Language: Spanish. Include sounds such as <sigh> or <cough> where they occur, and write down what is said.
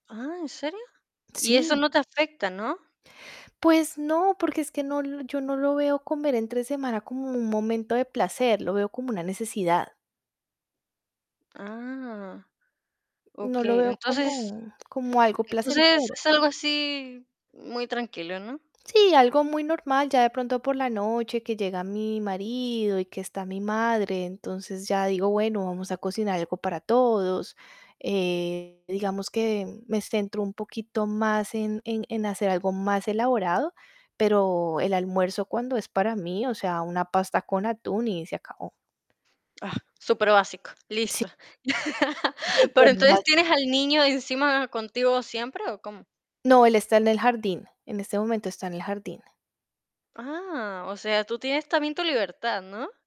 Ah, ¿en serio? Y eso Sí. no te afecta, ¿no? Pues no, porque es que no lo yo no lo veo comer entre semana como un momento de placer, lo veo como una necesidad. Ah, No lo okey. veo Entonces como como algo entonces placentero. es algo así muy tranquilo, ¿no? Sí, algo muy normal. Ya de pronto por la noche que llega mi marido, y que está mi madre, entonces ya digo: "Bueno, vamos a cocinar algo para todos". Eh, digamos que me centro un poquito más en en en hacer algo más elaborado, pero el almuerzo cuando es para mí, o sea, una pasta con atún y se acabó. Ah, superbásico, Sí. listo <laughs> Pero entonces, Supermágico. ¿tienes al niño encima contigo siempre o cómo? No, él está en el jardín. En este momento está en el jardín. Ah, o sea, tú tienes también tu libertad, ¿no?